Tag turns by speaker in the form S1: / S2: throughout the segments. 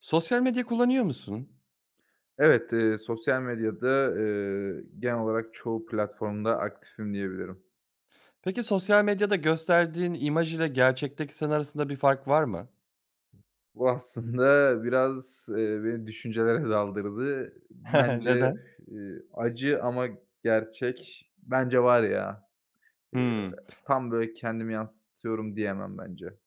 S1: Sosyal medya kullanıyor musun?
S2: Evet, eee, sosyal medyada, eee, genel olarak çoğu platformda aktifim diyebilirim.
S1: Peki, sosyal medyada gösterdiğin imaj ile gerçekteki sen arasında bir fark var mı?
S2: Bu aslında biraz, eee, beni düşüncelere daldırdı. Bence,
S1: Neden?
S2: eee, acı ama gerçek, bence var ya, eee,
S1: Hımm.
S2: tam, böyle, kendimi yansıtıyorum diyemem, bence.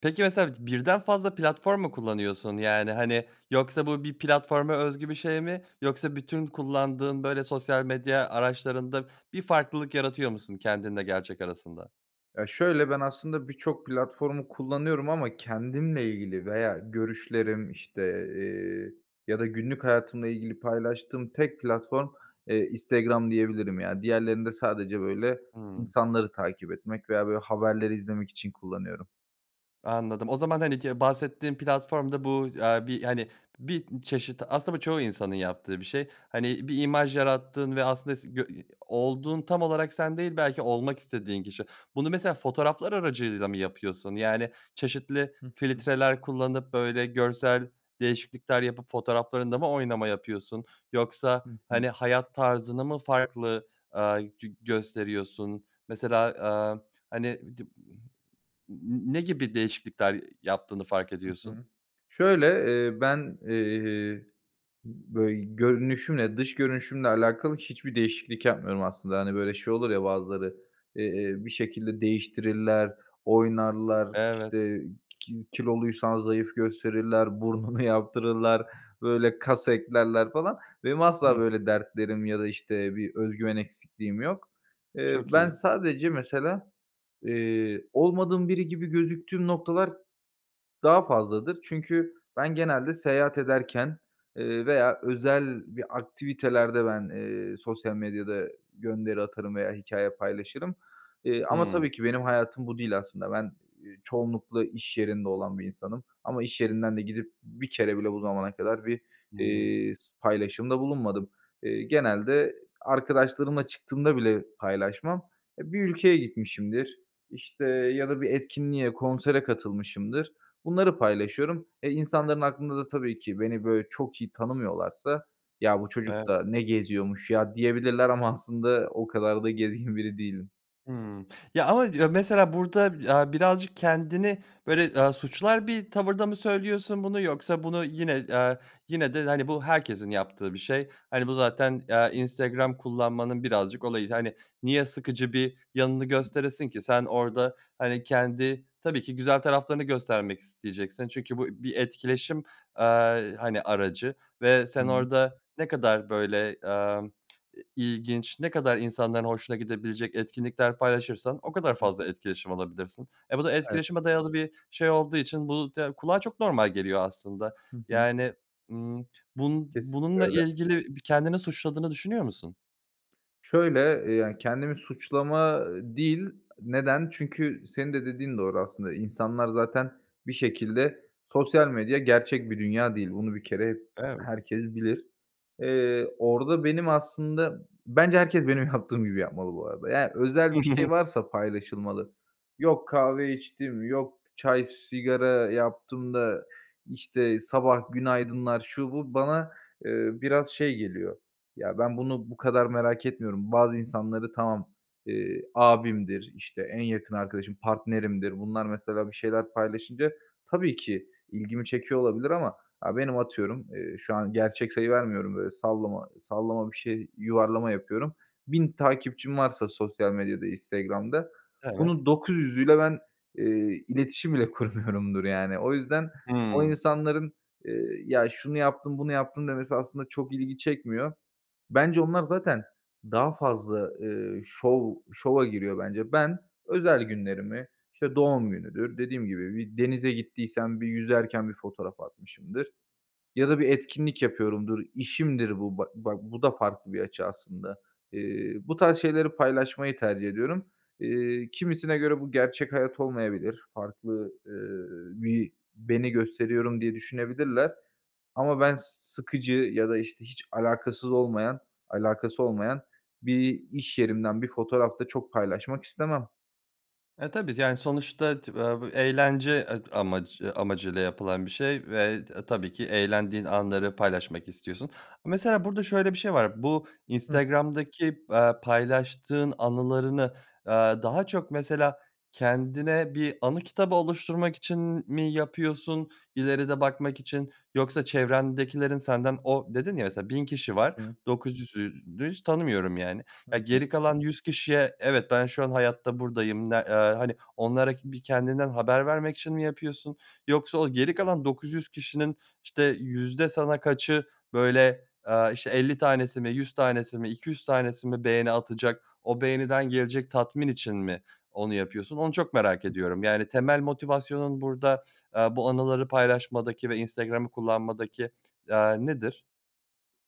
S1: Peki, mesela birden fazla platform mu kullanıyorsun? Yani, hani, yoksa bu bir platforma özgü bir şey mi? Yoksa bütün kullandığın, böyle, sosyal medya araçlarında bir farklılık yaratıyor musun kendinle gerçek arasında?
S2: Ya, şöyle, ben aslında birçok platformu kullanıyorum ama kendimle ilgili veya görüşlerim işte, eee, ya da günlük hayatımla ilgili paylaştığım tek platform, eee, Instagram diyebilirim, yani. Diğerlerinde sadece, böyle,
S1: Hıı.
S2: insanları takip etmek veya, böyle, haberleri izlemek için kullanıyorum.
S1: Anladım, o zaman, hani, ki bahsettiğin platformda bu, eee, bir, hani, bir çeşit, aslında bu çoğu insanın yaptığı bir şey. Hani, bir imaj yarattığın ve aslında se gö olduğun tam olarak sen değil, belki olmak istediğin kişi. Bunu mesela fotoğraflar aracılığıyla mı yapıyorsun? Yani, çeşitli
S2: Hı hı.
S1: filtreler kullanıp, böyle, görsel değişiklikler yapıp, fotoğraflarında mı oynama yapıyorsun? Yoksa,
S2: Hı hı.
S1: hani, hayat tarzını mı farklı, aaa, gö gösteriyorsun? Mesela, aaa, hani, di n n ne gibi değişiklikler yaptığını fark
S2: Hı
S1: ediyorsun?
S2: hı. Şöyle, eee, ben, eee, böy görünüşümle, dış görünüşümle alakalı hiçbir değişiklik yapmıyorum aslında. Hani, böyle, şey olur ya bazıları, eee, bir şekilde değiştirirler, oynarlar,
S1: Evet.
S2: işte, ki kiloluysan zayıf gösterirler, burnunu yaptırırlar, böyle, kas eklerler falan. Benim asla böyle dertlerim ya da, işte, bir özgüven eksikliğim yok. Eee,
S1: Çok
S2: ben
S1: iyi.
S2: sadece mesela, eee, olmadığım biri gibi gözüktüğüm noktalar daha fazladır. Çünkü ben genelde seyahat ederken, eee, veya özel bir aktivitelerde ben, eee, sosyal medyada gönderi atarım veya hikâye paylaşırım, eee, ama
S1: Hıı.
S2: tabii ki benim hayatım bu değil aslında. Ben, eee, çoğunlukla iş yerinde olan bir insanım ama iş yerinden de gidip bir kere bile bu zamana kadar bir,
S1: Hıı.
S2: eee, s paylaşımda bulunmadım. Eee, genelde arkadaşlarımla çıktığımda bile paylaşmam. E, bir ülkeye gitmişimdir, işte, ya da bir etkinliğe, konsere katılmışımdır, bunları paylaşıyorum. E, insanların aklında da tabii ki beni, böyle, çok iyi tanımıyorlarsa, ya bu çocuk
S1: Evet.
S2: da ne geziyormuş ya diyebilirler ama aslında o kadar da gezgin biri değilim.
S1: Hımm. Ya, ama ya, mesela burada, aaa, birazcık kendini, böyle, eee, suçlar bir tavırda mı söylüyorsun bunu yoksa bunu yine, eee, yine de bu, hani, bu herkesin yaptığı bir şey, hani, bu zaten, eee, Instagram kullanmanın birazcık olayı, hani, niye sıkıcı bir yanını gösteresin ki sen orda, hani, kendi tabii ki güzel taraflarını göstermek isteyeceksin çünkü bu bir etkileşim, eee, hani, aracı ve
S2: Hı
S1: sen
S2: hı.
S1: orda ne kadar, böyle, emm, ilginç, ne kadar insanların hoşuna gidebilecek etkinlikler paylaşırsan, o
S2: Hı
S1: kadar
S2: hı.
S1: fazla etkileşim alabilirsin. E, bu da
S2: Evet.
S1: etkileşime dayalı bir şey olduğu için bu da kulağa çok normal geliyor aslında,
S2: Hı hı.
S1: yani, ımm, bun
S2: Kesinlikle
S1: bununla
S2: öyle.
S1: ilgili bir kendini suçladığını düşünüyor musun?
S2: Şöyle, eee, yani, kendimi suçlama değil. Neden? Çünkü senin de dediğin doğru aslında. İnsanlar zaten bir şekilde Sosyal medya gerçek bir dünya değil, bunu bir kere
S1: Evet.
S2: herkes bilir. Eee, orada benim aslında Bence herkes benim yaptığım gibi yapmalı bu arada. Yani, özel bir şey varsa paylaşılmalı. Yok, "Kahve içtim.", yok, "Çay, sigara yaptım." da, işte, sabah "Günaydınlar!", şu, bu... Bana, eee, biraz şey geliyor; ya, ben bunu bu kadar merak etmiyorum. Bazı insanları tamam, eee, abimdir, işte, en yakın arkadaşım, partnerimdir, bunlar mesela bir şeyler paylaşınca tabii ki ilgimi çekiyor olabilir ama, aaa, benim, atıyorum, eee, şu an gerçek sayı vermiyorum, böyle, sallama sallama bir şey, yuvarlama yapıyorum. 1.000 takipçim varsa sosyal medyada, Instagram'da,
S1: Evet.
S2: bunun 900'üyle ben, eee, iletişim bile kurmuyorumdur, yani. O yüzden o
S1: Hımm.
S2: insanların, eee, "Ya, şunu yaptım, bunu yaptım." demesi aslında çok ilgi çekmiyor. Bence onlar zaten daha fazla, eee, şov şova giriyor bence. Ben özel günlerimi, işte, doğum günüdür, dediğim gibi, bir denize gittiysem bir yüzerken bir fotoğraf atmışımdır ya da bir etkinlik yapıyorumdur, işimdir bu, ba bak, bu da farklı bir açı aslında. Eee, bu tarz şeyleri paylaşmayı tercih ediyorum. Eee, kimisine göre bu gerçek hayat olmayabilir, farklı, eee, bir beni gösteriyorum diye düşünebilirler. Ama ben sıkıcı ya da işte hiç alakasız olmayan alakası olmayan bir iş yerimden bir fotoğraf da çok paylaşmak istemem.
S1: E, tabii. Yani, sonuçta tı vav bu eğlence ed amac eee, amacıyla yapılan bir şey ve t tabii ki eğlendiğin anları paylaşmak istiyorsun. Mesela burada şöyle bir şey var, bu
S2: Hıh.
S1: Instagram'daki, aaa, paylaştığın anılarını, aaa, daha çok mesela kendine bir anı kitabı oluşturmak için m mi yapıyorsun, ileride bakmak için? Yoksa çevrendekilerin senden O, dedin ya, mesela, "1.000 kişi var,
S2: Hıı.
S1: 900'ünü hiç tanımıyorum, yani."
S2: Hı
S1: Ya,
S2: hı.
S1: geri kalan 100 kişiye, "Evet, ben şu an hayatta, buradayım." Ne, eee, hani, onlara ki bir kendinden haber vermek için mi yapıyorsun? Yoksa o geri kalan 900 kişinin, işte, yüzde sana kaçı, böyle, aaa, işte, 50 tanesi mi, 100 tanesi mi, 200 yüz tanesi mi beğeni atacak, o beğeniden gelecek tatmin için mi onu yapıyorsun? Onu çok merak
S2: [unintelligible]
S1: ediyorum. Yani, temel motivasyonun burada, aaa, bu anıları paylaşmadaki ve Instagram'ı kullanmadaki, aaa, nedir?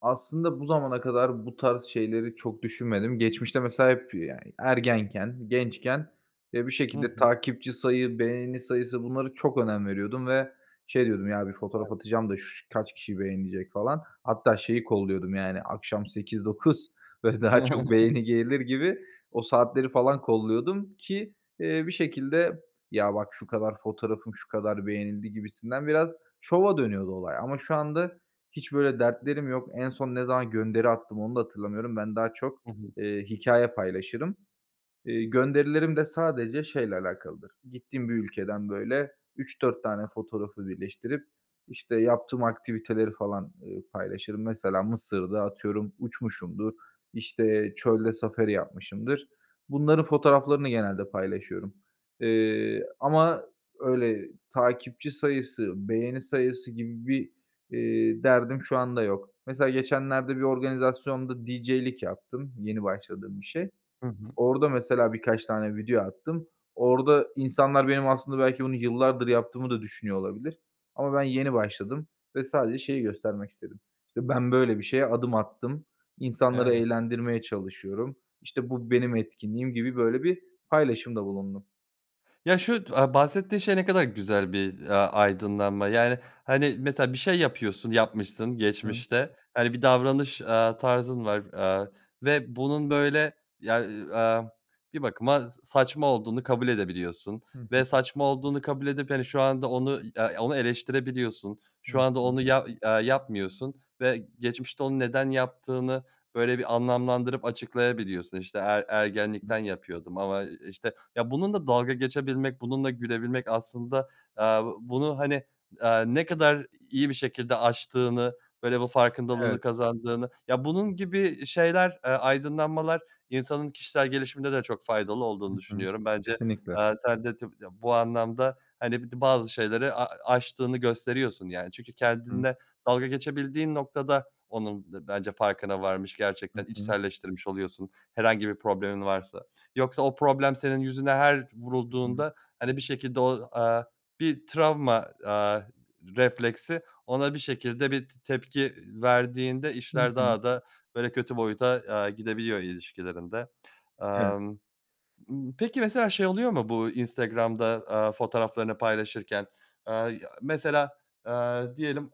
S2: Aslında bu zamana kadar bu tarz şeyleri çok düşünmedim. Geçmişte mesela hep yani, ergenken, gençken, eee, bir
S1: Hı
S2: şekilde
S1: hı.
S2: takipçi sayı, beğeni sayısı, bunlara çok önem veriyordum ve şey diyordum, ya bir fotoğraf
S1: Evet.
S2: atacağım da şu kaç kişi beğenecek falan. Hatta şeyi kolluyordum yani akşam 8-9, böyle daha çok beğeni gelir gibi o saatleri falan kolluyordum ki, eee, bir şekilde, ya bak şu kadar fotoğrafım şu kadar beğenildi gibisinden biraz şova dönüyordu olay. Ama şu anda hiç böyle dertlerim yok. En son ne zaman gönderi attım onu da hatırlamıyorum, ben daha çok,
S1: Hı hı.
S2: eee, hikâye paylaşırım. Iıı, gönderilerim de sadece şeyle alakalıdır, gittiğim bir ülkeden böyle 3-4 tane fotoğrafı birleştirip, işte yaptığım aktiviteleri falan, ııı, paylaşırım. Mesela Mısır'da atıyorum uçmuşumdur, işte çölde safari yapmışımdır. Bunların fotoğraflarını genelde paylaşıyorum, ııı, ama öyle takipçi sayısı, beğeni sayısı gibi bir, eee, derdim şu anda yok. Mesela geçenlerde bir organizasyonda DJ'lik yaptım, yeni başladığım bir şey.
S1: Hı hı.
S2: Orada mesela birkaç tane video attım. Orada insanlar benim aslında belki bunu yıllardır yaptığımı da düşünüyor olabilir ama ben yeni başladım ve sadece şeyi göstermek istedim, işte ben böyle bir şeye adım attım, insanları
S1: Evet.
S2: eğlendirmeye çalışıyorum, işte bu benim etkinliğim gibi böyle bir paylaşımda bulundum.
S1: Ya, şu d aaa, bahsettiğin şey ne kadar güzel bir, ya, aydınlanma. Yani, hani, mesela bir şey yapıyorsun yapmışsın
S2: Hıı.
S1: geçmişte, hani, bir davranış, aaa, tarzın var, aaa, ve bunun böyle, ya, iii, amm, bir bakıma s saçma olduğunu kabul edebiliyorsun
S2: Hı
S1: ve
S2: hı.
S1: saçma olduğunu kabul edip, hani, şu anda onu, i ya, onu eleştirebiliyorsun.
S2: Hı
S1: Şu anda
S2: hı.
S1: onu, ya, i eee, yapmıyorsun ve geçmişte onu neden yaptığını, böyle, bir anlamlandırıp açıklayabiliyorsun. İşte, "Er
S2: Hıı.
S1: ergenlikten yapıyordum ama, eee, işte" Ya, bununla dalga geçebilmek, bununla gülebilmek aslında, aaa, bunu, hani, aaa, ne kadar iyi bir şekilde aştığını, böyle, bu
S2: Evet.
S1: farkındalığını kazandığını Ya, bunun gibi i şeyler, eee, aydınlanmalar insanın kişisel gelişiminde de çok faydalı olduğunu
S2: Hı hı.
S1: düşünüyorum. Bence,
S2: Kesinlikle.
S1: aaa, sen de tabii, ya, bu anlamda, hani, bir de bazı şeyleri a aştığını gösteriyorsun, yani. Çünkü
S2: Hı hı.
S1: kendinle dalga geçebildiğin noktada onun d bence farkına varmış,
S2: Hı
S1: gerçekten
S2: hı.
S1: içselleştirmiş oluyorsun herhangi bir problemin varsa. Yoksa o problem senin yüzüne her
S2: I hı.
S1: vurulduğunda, hani, bir şekilde o, aaa, bir travma, aaa, r refleksi ona bir şekilde bir t tepki verdiğinde
S2: Hı
S1: işler
S2: hı.
S1: daha da, böyle, kötü boyuta, aaa, gidebiliyor ilişkilerinde.
S2: Eve
S1: Amm, mmm, peki mesela şey oluyor mu bu Instagram'da, aaa, fotoğraflarını paylaşırken? Aaa, ya, mesela, aaa, diyelim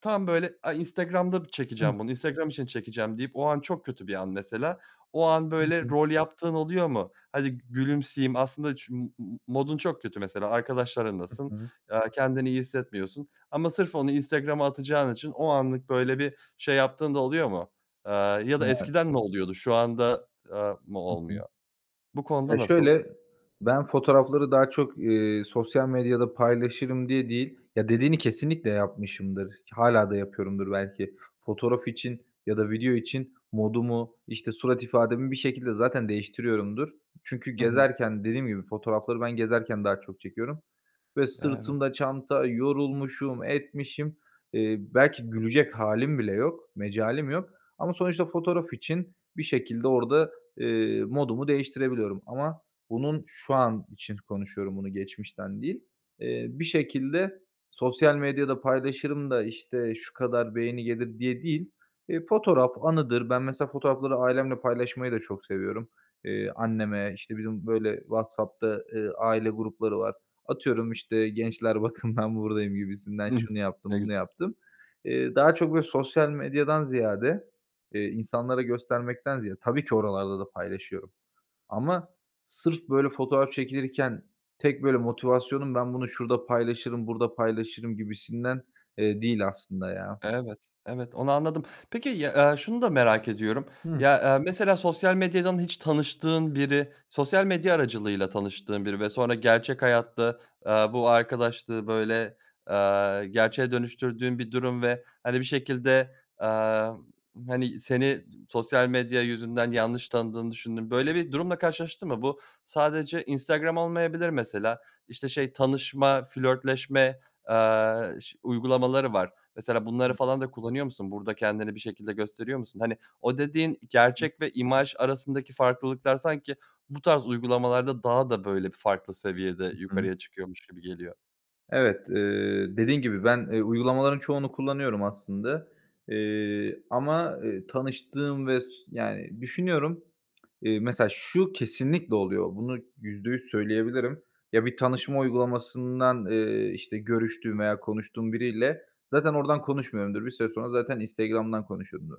S1: tam, böyle, "Ay, Instagram'da bir
S2: [unintelligible]
S1: çekeceğim bunu, Instagram için çekeceğim." deyip o an çok kötü bir an mesela. O an, böyle,
S2: [unintelligible]
S1: rol yaptığın oluyor mu? "Hadi gü gülümseyeyim." Aslında çün modun çok kötü mesela.
S2: Hı
S1: Arkadaşlarınlasın,
S2: hı.
S1: aaa, kendini iyi hissetmiyorsun ama sırf onu Instagram'a atacağın için o anlık, böyle, bir şey yaptığın da oluyor mu? Aaa, ya da
S2: Evet.
S1: eskiden mi oluyordu? Şu anda, aaa, mı
S2: Hı hı.
S1: olmuyor? Bu konuda
S2: Eee,
S1: nasıl?
S2: şöyle, ben fotoğrafları daha çok, eee, sosyal medyada paylaşırım diye değil Ya, dediğini kesinlikle yapmışımdır, ki hâlâ da yapıyorumdur belki. Fotoğraf için ya da video için modumu, işte, surat ifademi bir şekilde zaten değiştiriyorumdur. Çünkü
S1: I hı.
S2: gezerken, dediğim gibi, fotoğrafları ben gezerken daha çok çekiyorum ve
S1: Evet.
S2: sırtımda çanta, yorulmuşum, etmişim. Eee, belki gülecek hâlim bile yok, mecalim yok ama sonuçta fotoğraf için bir şekilde orada, eee, modumu değiştirebiliyorum ama bunun şu an için konuşuyorum, bunu geçmişten değil. Eee, bir şekilde "Sosyal medyada paylaşırım da, işte, şu kadar beğeni gelir." diye değil, eee, fotoğraf anıdır. Ben mesela fotoğrafları ailemle paylaşmayı da çok seviyorum. Eee, anneme, işte, bizim, böyle, WhatsApp'ta, eee, aile grupları var. Atıyorum, işte, "Gençler bakın, ben buradayım." gibisinden.
S1: I hı.
S2: "Şunu yaptım,
S1: Ne güz
S2: bunu yaptım." Eee, daha çok, böyle, sosyal medyadan ziyade, eee, insanlara göstermekten ziyade Tabii ki oralarda da paylaşıyorum ama sırf böyle fotoğraf çekilirken tek, böyle, motivasyonum, "Ben bunu şurada paylaşırım, burada paylaşırım." gibisinden, eee, değil aslında ya.
S1: Evet, evet onu anladım. Peki, ya, eee, şunu da merak ediyorum.
S2: Hıı.
S1: Ya, eee, mesela sosyal medyadan hiç tanıştığın biri sosyal medya aracılığıyla tanıştığın biri ve sonra gerçek hayatta, aaa, bu arkadaşlığı, böyle, aaa, gerçeğe dönüştürdüğün bir durum ve, hani, bir şekilde, amm, hani, seni sosyal medya yüzünden yanlış tanıdığını düşündüğün böyle bir durumla karşılaştın mı? Bu sadece Instagram olmayabilir mesela, işte, şey tanışma, flörtleşme, aaa, ş uygulamaları var. Mesela bunları
S2: [unintelligible]
S1: falan da kullanıyor musun? Burada kendini bir şekilde gösteriyor musun? Hani, o dediğin i
S2: Hı hı.
S1: gerçek ve imaj arasındaki farklılıklar sanki bu tarz uygulamalarda daha da, böyle, bir farklı seviyede
S2: Hı hı.
S1: yukarıya çıkıyormuş gibi geliyor.
S2: Evet, eee, dediğin gibi ben, eee, uygulamaların çoğunu kullanıyorum aslında. Eee, ama, eee, tanıştığım ve s yani düşünüyorum, eee, mesela şu kesinlikle oluyor. Bunu %100 söyleyebilirim. Ya bir tanışma uygulamasından, eee, işte, görüştüğüm veya konuştuğum biriyle zaten oradan konuşmuyorumdur, bir süre sonra zaten Instagram'dan konuşuyumdur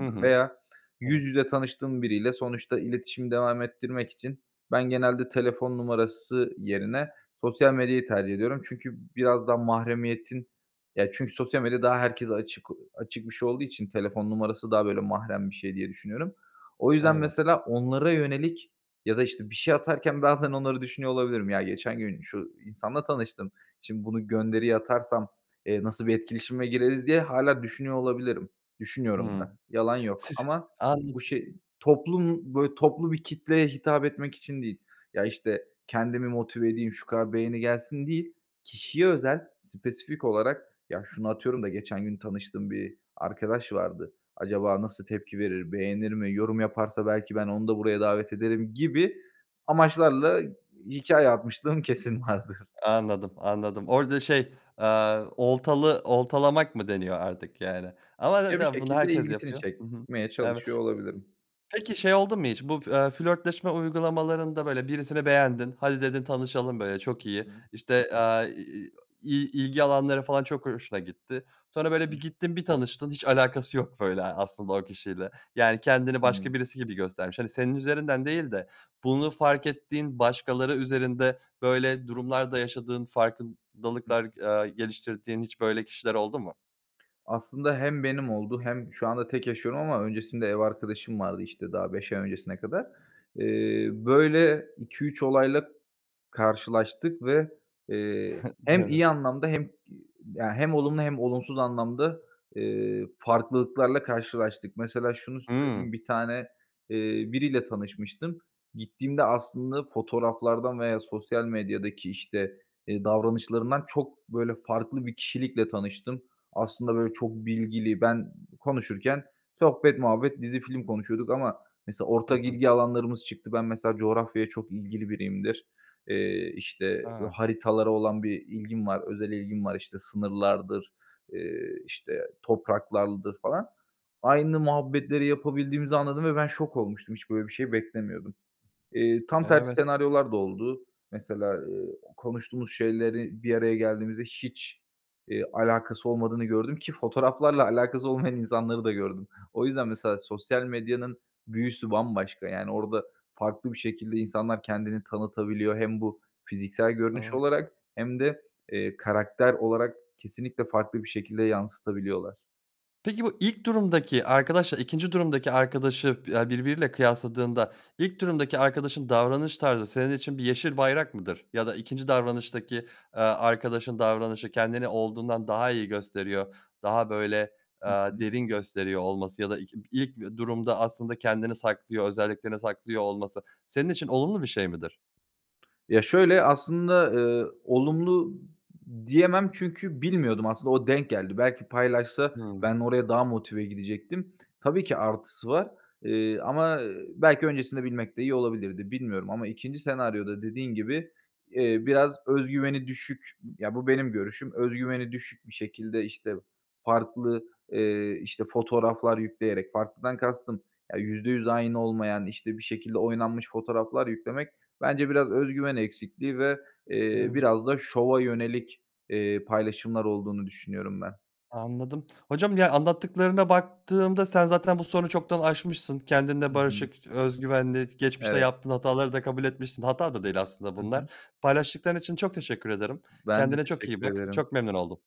S1: Hı hı.
S2: veya yüz
S1: Evet.
S2: yüze tanıştığım biriyle sonuçta iletişimi devam ettirmek için ben genelde telefon numarası yerine sosyal medyayı tercih ediyorum. Çünkü biraz daha mahremiyetin, ya çünkü sosyal medya daha herkese açık açık bir şey olduğu için telefon numarası daha böyle mahrem bir şey diye düşünüyorum. O yüzden
S1: Evet.
S2: mesela onlara yönelik ya da işte bir şey atarken bazen onları düşünüyor olabilirim. Ya geçen gün şu insanla tanıştım, şimdi bunu gönderiyi atarsam, eee, nasıl bir etkileşime gireriz diye hâlâ düşünüyor olabilirim. Düşünüyorum
S1: Hıı.
S2: da, yalan yok.
S1: Siz
S2: Ama bu
S1: anladım.
S2: şey, toplum böyle toplu bir kitleye hitap etmek için değil, ya, işte, kendimi motive edeyim, şu kadar beğeni gelsin değil, kişiye özel, spesifik olarak, ya şunu atıyorum da geçen gün tanıştığım bir arkadaş vardı. Acaba nasıl tepki verir, beğenir mi, yorum yaparsa belki ben onu da buraya davet ederim gibi amaçlarla hikâye atmışlığım kesin vardır.
S1: Anladım, anladım. Orada şey, eee, oltalı oltalamak mı deniyor artık yani. Ama
S2: Ya bir
S1: zaten bunu
S2: şekilde
S1: herkes
S2: ilgisini
S1: yapıyor. Hı hı,
S2: çekmeye
S1: eve
S2: çalışıyor olabilirim.
S1: Peki şey oldu mu hiç? Bu f eee, flörtleşme uygulamalarında, böyle, birisini beğendin, "hadi" dedin, "tanışalım", böyle, çok
S2: Hı
S1: iyi.
S2: hı.
S1: İşte, eee, iii, i ilgi alanları falan çok ho hoşuna gitti. Sonra böyle bir
S2: Hı.
S1: gittin, bir tanıştın hiç alakası yok, böyle, aslında o kişiyle. Yani kendini başka
S2: [unintelligible]
S1: birisi gibi göstermiş hani, senin üzerinden değil de bunu fark ettiğin başkaları üzerinde böyle durumlar da yaşadığın
S2: Hıh.
S1: farkındalıklar, aaa, geliştirdiğin hiç böyle kişiler oldu mu?
S2: Aslında hem benim oldu hem şu anda tek yaşıyorum ama öncesinde ev arkadaşım vardı, işte, daha 5 ay öncesine kadar. Eee, böyle 2-3 olayla karşılaştık ve, eee, hem iyi
S1: Evet.
S2: anlamda hem, iii, ya hem olumlu hem olumsuz anlamda, eee, farklılıklarla karşılaştık. Mesela şunu
S1: Hıı.
S2: söyleyeyim, 1 tane, eee, biriyle tanışmıştım. Gittiğimde aslında fotoğraflardan veya sosyal medyadaki işte, iii, davranışlarından çok, böyle, farklı bir kişilikle tanıştım. Aslında böyle çok bilgili, ben konuşurken sohbet, muhabbet, dizi, film konuşuyorduk ama mesela
S1: Hı
S2: ortak
S1: hı.
S2: ilgi alanlarımız çıktı. Ben mesela coğrafyaya çok ilgili biriyimdir. Eee, işte,
S1: A.
S2: haritalara olan bir ilgim var, özel ilgim var. İşte sınırlardır, eee, işte topraklardır falan. Aynı muhabbetleri yapabildiğimizi anladım ve ben şok olmuştum. Hiç böyle bir şey beklemiyordum. Eee, tam tersi
S1: Evet.
S2: senaryolar da oldu. Mesela, ııı, konuştuğumuz şeyleri bir araya geldiğimizde hiç, iii, alakası olmadığını gördüm ki fotoğraflarla alakası olmayan insanları da gördüm. O yüzden mesela sosyal medyanın büyüsü bambaşka, yani orada farklı bir şekilde insanlar kendini tanıtabiliyor. Hem bu fiziksel görünüş
S1: Doğru.
S2: olarak hem de, eee, karakter olarak kesinlikle farklı bir şekilde yansıtabiliyorlar.
S1: Peki bu ilk durumdaki arkadaşla ikinci durumdaki arkadaşı ya birbiriyle kıyasladığında, ilk durumdaki arkadaşın davranış tarzı senin için bir yeşil bayrak mıdır? Ya da ikinci davranıştaki, eee, arkadaşın davranışı kendini olduğundan daha iyi gösteriyor. Daha böyle, eee,
S2: Hı hı.
S1: derin gösteriyor olması ya da iki ilk durumda aslında kendini saklıyor, özelliklerini saklıyor olması senin için olumlu bir şey midir?
S2: Ya şöyle, aslında, ııı, olumlu diyemem çünkü bilmiyordum aslında, o denk geldi. Belki paylaşsa
S1: Hıı.
S2: ben oraya daha motive gidecektim. Tabii ki artısı var, ııı, ama, ııı, belki öncesinde bilmek de iyi olabilirdi, bilmiyorum ama ikinci senaryoda dediğin gibi, eee, biraz öz güveni düşük, ya bu benim görüşüm, öz güveni düşük bir şekilde işte farklı, eee, işte fotoğraflar yükleyerek, farklıdan kastım, ya %100 aynı olmayan, işte bir şekilde oynanmış fotoğraflar yüklemek, bence biraz öz güven eksikliği ve, eee,
S1: Evet.
S2: biraz da şova yönelik, eee, paylaşımlar olduğunu düşünüyorum ben.
S1: Anladım, hocam ya anlattıklarına baktığımda sen zaten bu sorunu çoktan aşmışsın, kendinle
S2: Hı hı.
S1: barışık, öz güvenli. Geçmişte
S2: Evet.
S1: yaptığın hataları da kabul etmişsin hata da değil aslında
S2: Hı
S1: bunlar.
S2: hı.
S1: Paylaştıkların için çok teşekkür ederim.
S2: Ben de
S1: Kendine çok iyi
S2: teşekkür
S1: bak,
S2: ederim.
S1: çok memnun oldum.